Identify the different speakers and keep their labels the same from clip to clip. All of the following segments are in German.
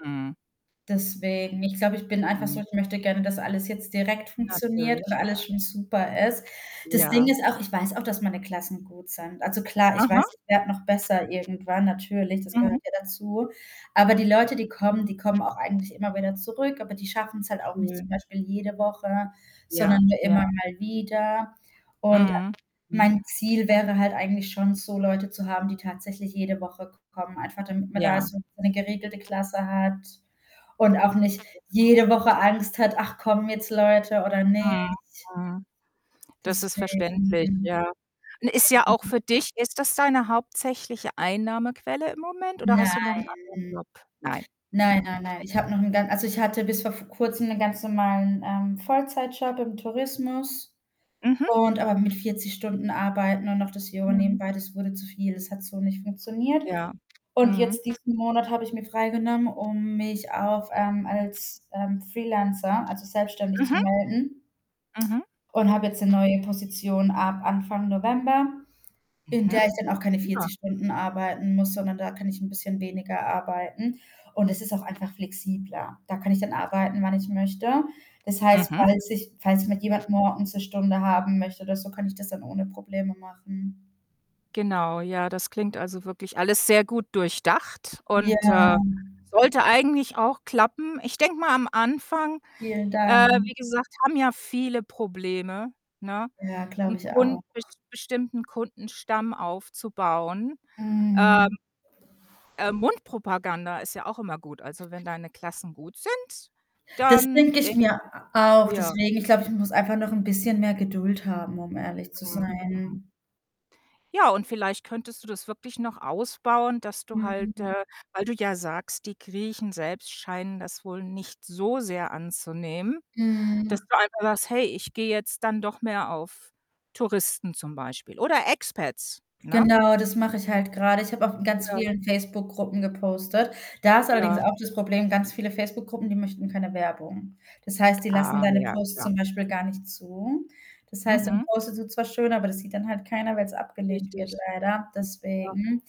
Speaker 1: Mhm.
Speaker 2: Deswegen, ich glaube, ich bin einfach so,
Speaker 1: Mhm.
Speaker 2: ich möchte gerne, dass alles jetzt direkt funktioniert und
Speaker 1: Natürlich, ja.
Speaker 2: alles schon super ist. Das Ding
Speaker 1: Ja.
Speaker 2: ist auch, ich weiß auch, dass meine Klassen gut sind. Also klar, ich
Speaker 1: Aha.
Speaker 2: weiß, ich werde noch besser irgendwann natürlich, das
Speaker 1: Mhm.
Speaker 2: gehört ja dazu. Aber die Leute, die kommen, die kommen auch eigentlich immer wieder zurück, aber die schaffen's halt auch nicht zum
Speaker 1: Schön.
Speaker 2: Beispiel jede Woche,
Speaker 1: Ja.
Speaker 2: sondern nur
Speaker 1: Ja.
Speaker 2: immer mal wieder. Und
Speaker 1: Mhm, mhm.
Speaker 2: mein Ziel wäre halt eigentlich schon so Leute zu haben, die tatsächlich jede Woche k kommen, einfach damit man da
Speaker 1: Ja.
Speaker 2: so 'ne geregelte Klasse hat und auch nicht jede Woche
Speaker 1: Genau.
Speaker 2: Angst hat: „Ach kommen jetzt Leute oder
Speaker 1: Mhm,
Speaker 2: nicht?“
Speaker 1: mhm. Das ist
Speaker 2: Deswegen,
Speaker 1: verständlich,
Speaker 2: hm,.
Speaker 1: ja. Und ist ja auch
Speaker 2: [unintelligible]
Speaker 1: für dich ist das deine hauptsächliche Einnahmequelle im Moment oder
Speaker 2: Nein.
Speaker 1: hast du noch 'n anderen Job? Nein,
Speaker 2: Nein,
Speaker 1: okay.
Speaker 2: nein, nein. Ich habe noch' n gan also, ich hatte bis v vor Kurzem 'nen ganz normalen, ähm, Vollzeitjob im Tourismus
Speaker 1: Mhm.
Speaker 2: und aber mit 40 Stunden arbeiten und noch das Yoga
Speaker 1: Mhm.
Speaker 2: nebenbei, das wurde zu viel. Das hat so nicht funktioniert.
Speaker 1: Ja,
Speaker 2: Und
Speaker 1: mhm.
Speaker 2: jetzt diesen Monat habe ich mir freigenommen, um mich auf ähm, als, ähm, Freelancer also, selbstständig zu
Speaker 1: Mhm.
Speaker 2: melden
Speaker 1: Mhm.
Speaker 2: und habe jetzt 'ne neue Position ab Anfang November, in
Speaker 1: Mhm,
Speaker 2: der ich dann auch keine
Speaker 1: prima.
Speaker 2: 40 Stunden arbeiten muss, sondern da kann ich 'n bisschen weniger arbeiten, und es ist auch einfach flexibler. Da kann ich dann arbeiten, wann ich möchte. Das heißt,
Speaker 1: Mhm.
Speaker 2: falls sich falls mich jemand morgens 'ne Stunde haben möchte oder so, kann ich das dann ohne Probleme machen.
Speaker 1: Genau, ja, das klingt also wirklich alles sehr gut durchdacht
Speaker 2: Ja.
Speaker 1: und, äh, sollte eigentlich auch klappen. Ich denke mal am Anfang,
Speaker 2: Vielen
Speaker 1: äh,
Speaker 2: Dank.
Speaker 1: wie gesagt, haben ja viele Probleme, ne,
Speaker 2: Ja, glaube
Speaker 1: 'n
Speaker 2: ich
Speaker 1: Kun
Speaker 2: auch.
Speaker 1: be bestimmten Kundenstamm aufzubauen, ähm
Speaker 2: Mhm.
Speaker 1: äh, Mundpropaganda ist ja auch immer gut. Also, wenn deine Klassen gut sind,
Speaker 2: Das
Speaker 1: dann
Speaker 2: denke ich
Speaker 1: denke ich
Speaker 2: mir
Speaker 1: doch
Speaker 2: a auch.
Speaker 1: ja.
Speaker 2: Deswegen, ich glaube, ich muss einfach noch 'n bisschen mehr Geduld haben, um ehrlich zu
Speaker 1: Mhm, mhm.
Speaker 2: sein.
Speaker 1: Ja, und vielleicht könntest du das wirklich noch ausbauen, dass du halt
Speaker 2: Mhm.
Speaker 1: äh, weil du ja sagst: „Die Griechen selbst scheinen das wohl nicht so sehr anzunehmen”, dass
Speaker 2: Mhm.
Speaker 1: du einfach sagst: „Hey, ich gehe jetzt dann doch mehr auf Touristen zum Beispiel oder Expats”, ne?
Speaker 2: Genau, das mache ich halt gerade. Ich habe auch in ganz
Speaker 1: Ja.
Speaker 2: vielen Facebook-Gruppen gepostet. Da ist allerdings
Speaker 1: Ja.
Speaker 2: auch das Problem, ganz viele Facebook-Gruppen, die möchten keine Werbung. Das heißt, die lassen
Speaker 1: Ah,
Speaker 2: deine
Speaker 1: ja,
Speaker 2: Posts
Speaker 1: klar.
Speaker 2: zum Beispiel gar nicht zu. Das heißt, dann
Speaker 1: Mhm.
Speaker 2: postest du zwar schön, aber das sieht dann halt keiner, weil's abgelehnt wird
Speaker 1: Richtig.
Speaker 2: leider.
Speaker 1: Ja.
Speaker 2: Deswegen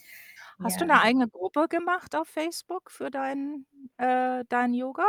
Speaker 1: Hast
Speaker 2: ja.
Speaker 1: du 'ne eigene Gruppe gemacht auf Facebook für dein, äh dein Yoga?